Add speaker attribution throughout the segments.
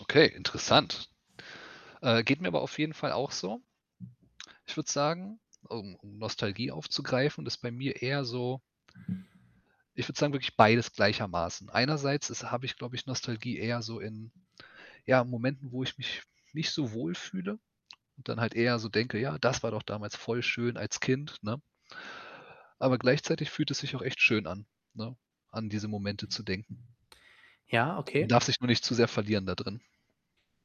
Speaker 1: Okay, interessant. Äh, geht mir aber auf jeden Fall auch so. Ich würde sagen, um um Nostalgie aufzugreifen, ist bei mir eher so ich würde sagen, wirklich beides gleichermaßen. Einerseits ist habe ich, glaube ich, Nostalgie eher so in, ja, Momenten, wo ich mich nicht so wohlfühle und dann halt eher so denke, ja, das war doch damals voll schön als Kind, ne? Aber gleichzeitig fühlt es sich auch echt schön an, ne, an diese Momente zu denken.
Speaker 2: Ja,
Speaker 1: Man
Speaker 2: okay.
Speaker 1: darf sich nur nicht zu sehr verlieren da drin.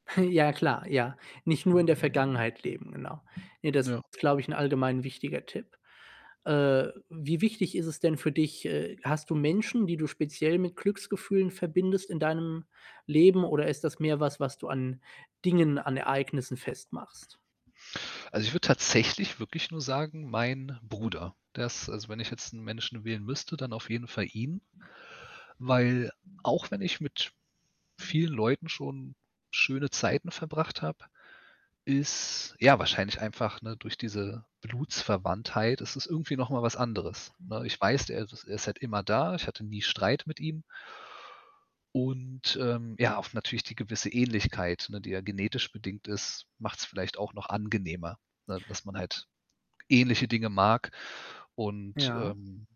Speaker 2: Ja, klar, ja. Nicht nur in der Vergangenheit leben, genau. Ne, das
Speaker 1: Ja.
Speaker 2: ist, glaube ich, 'n allgemein wichtiger Tipp. Äh, wie wichtig ist es denn für dich? Äh, hast du Menschen, die du speziell mit Glücksgefühlen verbindest in deinem Leben oder ist das mehr was, was du an Dingen, an Ereignissen festmachst?
Speaker 1: Also, ich würde tatsächlich wirklich nur sagen, mein Bruder. Der ist also, wenn ich jetzt 'n Menschen wählen müsste, dann auf jeden Fall ihn, weil auch wenn ich mit vielen Leuten schon schöne Zeiten verbracht habe, ist ja wahrscheinlich einfach, ne, durch diese Blutsverwandtheit ist es irgendwie noch mal was anderes, ne? Ich weiß, er er ist halt immer da. Ich hatte nie Streit mit ihm. Und, ähm, ja, auf natürlich die gewisse Ähnlichkeit, ne, die eher genetisch bedingt ist, macht's vielleicht auch noch angenehmer, ne, dass man halt ähnliche Dinge mag. Und,
Speaker 2: Ja.
Speaker 1: ähm,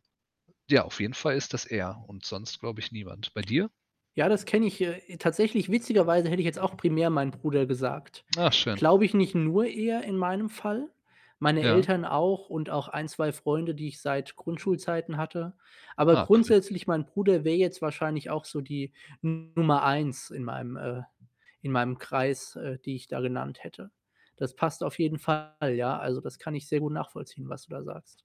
Speaker 1: ja, auf jeden Fall ist das er und sonst, glaube ich, niemand. Bei dir?
Speaker 2: Ja, das kenne ich, äh, tatsächlich, witzigerweise hätte ich jetzt auch primär meinen Bruder gesagt.
Speaker 1: Ah, schön.
Speaker 2: Glaube ich, nicht nur eher in meinem Fall, meine
Speaker 1: Ja.
Speaker 2: Eltern auch und auch 1, 2 Freunde, die ich seit Grundschulzeiten hatte. Aber
Speaker 1: Ah, cool.
Speaker 2: grundsätzlich, mein Bruder wäre jetzt wahrscheinlich auch so die Nummer 1 in meinem äh, in meinem Kreis, äh, die ich da genannt hätte. Das passt auf jeden Fall, ja. Also, das kann ich sehr gut nachvollziehen, was du da sagst.